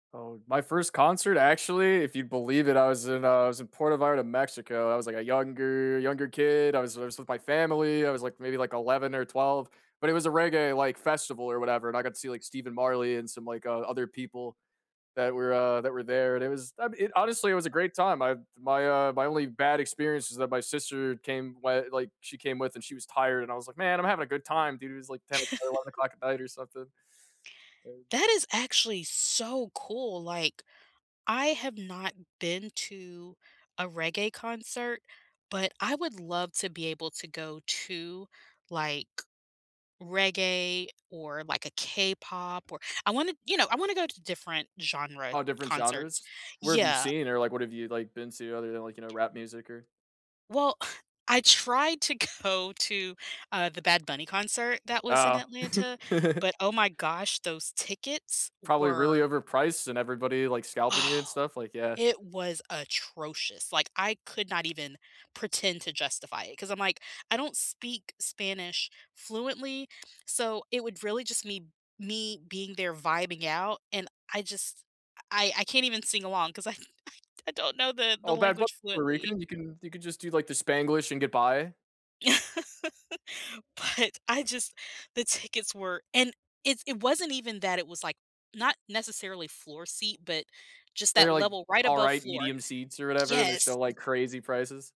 Oh and my first concert, I actually- if you believe it- I was in I was in Puerto Vallarta, Mexico, I was, like, a younger younger kid, I was I was with my family, I was, like, maybe, like, 11 or 12, but it was a reggae, like, festival or whatever, and I got to see, like, Stephen Marley and some, like, uh, other people that were uh, that were there, and it was I mean, honestly it was a great time, I've my, uh my only bad experience is that my sister came whi like, she came with, and she was tired, and I was like, "Man, I'm having a good time, dude," it was, like, ten or eleven o'clock at night or something. That is actually so cool, like, I have not been to a reggae concert, but I would love to be able to go to, like, reggae or, like, a K-pop or I wanna you know, I wanna go to different genre All different concerts genres? Where have you Yeah. seen or like, what have you, like, been to other than, like, you know, rap music, or Well, I tried to go to, uh, the Bad Bunny concert that was in Oh. Atlanta, but oh my gosh, those tickets Probably really were overpriced and everybody, like, scalping you and Oh, stuff, like, yeah. it was atrocious, like, I could not even pretend to justify it 'cause I'm like, I don't speak Spanish fluently, so it would really just me me being there vibing out, and I just I I I can't even sing along 'cause I I I don't know the the Oh, Bad Bu language Puerto fluently. Rican, you can you can just do, like, the Spanglish and get by. But, I just the tickets were and it's it wasn't even that; it was, like, not necessarily floor seat, but just that They're, like, level right above alright floor. medium seats or whatever, and they're still, Yes. like, crazy prices.